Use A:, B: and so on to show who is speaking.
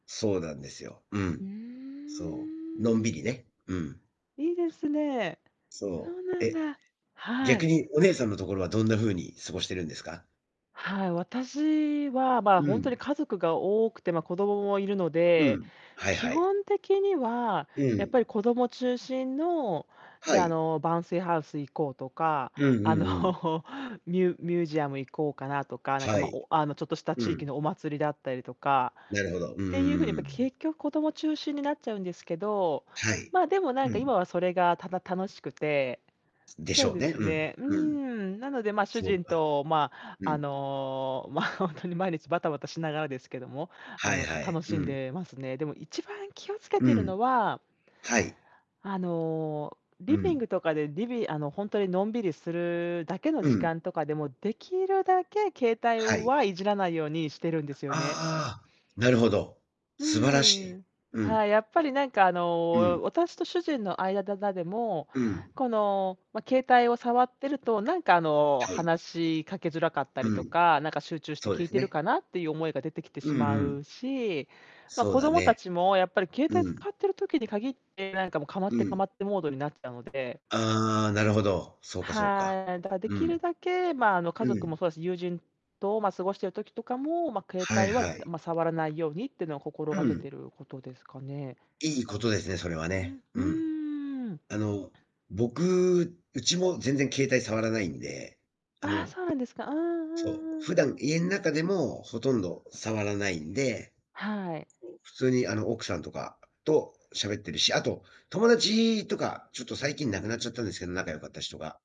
A: そうなんですよ。う
B: ふ
A: ん。
B: ー
A: そう、のん
B: ん。
A: びりね。うん。
B: いいですね。そ
A: そ
B: う
A: う、
B: なん
A: え、
B: だ。は
A: 逆
B: い。
A: にお姉さんのところはどんな風に過ごしてるんですか？
B: はい、私はま、
A: う
B: ほんと
A: ん。
B: に家族が多くて、ま、子供もいるの
A: う
B: で、
A: ん。はい
B: 基
A: はい。
B: 本的には、
A: う
B: やっぱ
A: ん。
B: り子供中心の、じ
A: は
B: ゃあ、あ
A: い。
B: の、bouncy house 行こうとか、
A: うんう
B: あの
A: んうん。
B: ミュミュージアム行こうかなとか、なんか
A: は
B: ま、
A: い。
B: おあの、ちょっとした
A: う
B: 地域
A: ん。
B: のお祭りだったりとか、
A: なるほど。うんう
B: っ
A: んう
B: ていうふうに、やっ
A: んう
B: ぱ
A: ん。
B: 結局子供中心になっちゃうんですけど、
A: はい。
B: ま、でもなん
A: う
B: か今
A: ん。
B: はそれがただ楽しくて。
A: でし
B: そう
A: ょう
B: で
A: ね。
B: す
A: うん、
B: ね。うー
A: うん。
B: ん、なので、ま、主
A: そう
B: 人
A: か。
B: と、ま、
A: う
B: あ
A: ん。
B: の、ま、ほんとに毎日バタバタしながらですけども、あ
A: はい
B: の、た
A: はい、
B: 楽
A: う
B: しん
A: ん。
B: でますね。でも一番気をつけ
A: う
B: てる
A: ん。
B: のは
A: はい。
B: あの、
A: う
B: リビン
A: ん。
B: グとかでりびあのほんとに、のんびりするだけの
A: う
B: 時
A: ん。
B: 間とかでも、できるだけ携
A: は
B: 帯
A: い。
B: はいじらないようにしてるんですよね。
A: ああ、なるほど。
B: うー
A: 素晴
B: ん、
A: ら
B: に
A: しい。
B: ん。
A: うん。
B: はい、やっぱりなんかあ
A: う
B: の、
A: ん。
B: 私と主人の間だだ、でも、
A: うん。
B: このま、携帯を触ってると、なんかあの、
A: はい。
B: 話しかけづらかったり
A: う
B: と
A: ん。
B: か、なんか集中して
A: そう
B: 聞
A: で
B: い
A: す
B: てる
A: ね。
B: かなっていう思いが出てきて
A: う
B: し
A: んう
B: ま
A: ん。
B: うし、ま、
A: そう
B: 子
A: だ
B: 供た
A: ね。
B: ちもやっぱり携帯
A: うん。
B: 使ってる時に限って、なんかもうかまっ
A: う
B: てか
A: ん。
B: まってモードになっちゃうので。
A: ああ、なるほど。そうかそうか。
B: はーい、だからで
A: う
B: きる
A: ん。
B: だけ、ま、あの、家
A: う
B: 族も
A: ん。
B: そうだし、友人と、ま、過ごしている時とかも、ま、携
A: はい
B: 帯は、だ、
A: はい。
B: ま、触らないようにっていうのを心
A: う
B: がけ
A: ん。
B: てることですかね。
A: いいことですね。それは
B: う
A: ね。
B: ん。
A: う
B: う
A: ん。
B: ーん。
A: あの僕うちも全然携帯触らないんで、あ
B: ああ、
A: の
B: そうなんですか。うんうん
A: そう、普
B: うんう
A: 段
B: ん。
A: 家ん中でもほとんど触らないんで、
B: はい。
A: 普通にあの奥さんとかと喋ってるし、あと友達とか、ちょっと最近亡くなっちゃったんですけど、仲良かった人が